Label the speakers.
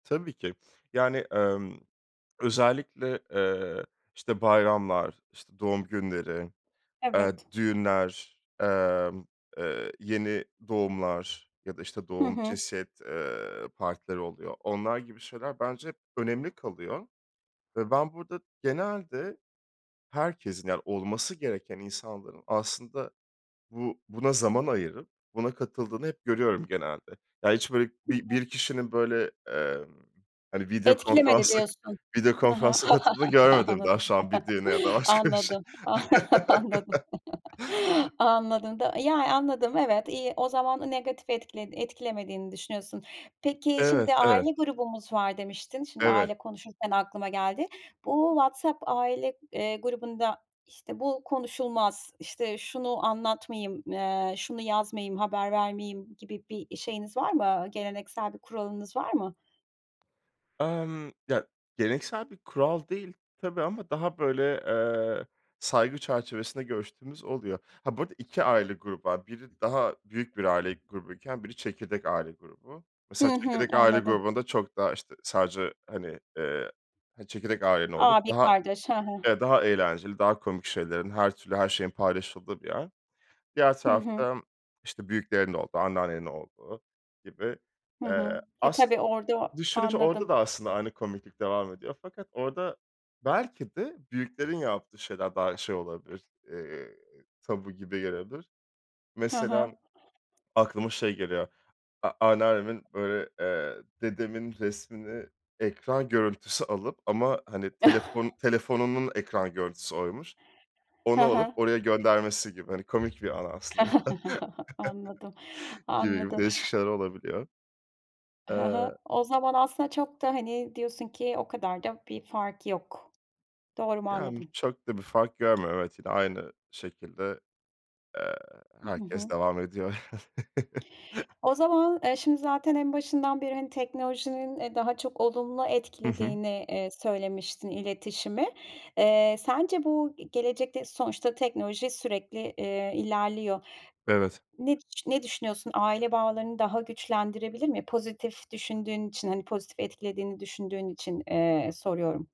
Speaker 1: Tabii ki. Yani, emm, özellikle, eee, işte, bayramlar, işte, doğum günleri, eee,
Speaker 2: Evet.
Speaker 1: düğünler, emm, eee, yeni doğumlar ya da, işte,
Speaker 2: Hı
Speaker 1: doğum,
Speaker 2: hı.
Speaker 1: cinsiyet, eee, partileri oluyor, onlar gibi şeyler bence hep önemli kalıyor ve ben burada genelde herkesin, yani, olması gereken insanların aslında bu buna zaman ayırıp, buna katıldığını hep görüyorum genelde. Ya, hiç böyle
Speaker 2: Hı
Speaker 1: bi
Speaker 2: hı.
Speaker 1: bir kişinin böyle, eee, hani, video
Speaker 2: Etkilemedi
Speaker 1: konferansa,
Speaker 2: diyorsun.
Speaker 1: video
Speaker 2: Hı hı.
Speaker 1: konferansa katıldığını görmedim daha şu an bir düğüne ya da başka bir şey.
Speaker 2: Anladım, anladım, anladım, anladım da, yani, anladım. Evet, iyi. O zaman negatif etkiled etkilemediğin düşünüyorsun. Peki,
Speaker 1: Evet,
Speaker 2: şimdi
Speaker 1: evet.
Speaker 2: aile grubumuz var demiştin. Şimdi
Speaker 1: Evet.
Speaker 2: aile konuşurken aklıma geldi. Bu WhatsApp aile, eee, grubunda, işte, bu konuşulmaz, işte, şunu anlatmayayım, eee, şunu yazmayayım, haber vermeyeyim gibi bir şeyiniz var mı, geleneksel bir kuralınız var mı?
Speaker 1: Emm. Ya, geleneksel bir kural değil tabii ama daha böyle, eee, saygı çerçevesinde görüştüğümüz oluyor. Ha, bu arada 2 aile grubu var. Biri daha büyük bir aile grubuyken biri çekirdek aile grubu. Mesela
Speaker 2: Hı hı.
Speaker 1: çekirdek aile
Speaker 2: Anladım.
Speaker 1: grubunda çok daha, işte, sadece, hani, eee, çekirdek ailenin olduğu
Speaker 2: Abi,
Speaker 1: daha
Speaker 2: kardeş. Hı hı.
Speaker 1: evet, daha eğlenceli, daha komik şeylerin, her türlü her şeyin paylaşıldığı bir yer. Diğer
Speaker 2: Hı hı.
Speaker 1: tarafta, işte, büyüklerin olduğu, anneannenin olduğu gibi.
Speaker 2: Hı hı.
Speaker 1: Eee,
Speaker 2: Eee,
Speaker 1: aslında
Speaker 2: tabii orada
Speaker 1: düşününce orada
Speaker 2: Anladım.
Speaker 1: da aslında aynı komiklik devam ediyor fakat orada belki de büyüklerin yaptığı şeyler daha şey olabilir, eee, tabu gibi gelebilir.
Speaker 2: Hı
Speaker 1: Mesela
Speaker 2: hı.
Speaker 1: aklıma şey geliyor, a anneannemin böyle, eee, dedemin resmini ekran görüntüsü alıp ama, hani, telefon telefonunun ekran görüntüsü oymuş,
Speaker 2: Hı
Speaker 1: onu alıp
Speaker 2: hı.
Speaker 1: oraya göndermesi gibi. Hani, komik bir anı aslında.
Speaker 2: Anladım,
Speaker 1: Gibi, gibi
Speaker 2: anladım.
Speaker 1: değişik şeyler olabiliyor.
Speaker 2: Hı hı.
Speaker 1: Eee.
Speaker 2: O zaman aslında çok da, hani, diyorsun ki, o kadar da bir fark yok. Doğru mu
Speaker 1: Yani,
Speaker 2: anladım?
Speaker 1: çok da bir fark görmüyorum. Evet yine aynı şekilde, eee,
Speaker 2: Iıı, hı
Speaker 1: herkes
Speaker 2: hı.
Speaker 1: devam ediyor.
Speaker 2: O zaman, eee, şimdi zaten en başından beri, hani, teknolojinin, eee, daha çok olumlu
Speaker 1: Hı hı.
Speaker 2: etkilediğini, eee, söylemiştin iletişimi. Eee, sence bu ge gelecekte sonuçta teknoloji sürekli, eee, ilerliyor.
Speaker 1: Evet.
Speaker 2: Ne ne düşünüyorsun? Aile bağlarını daha güçlendirebilir mi? Pozitif düşündüğün için, hani, pozitif etkilediğini düşündüğün için, eee, soruyorum.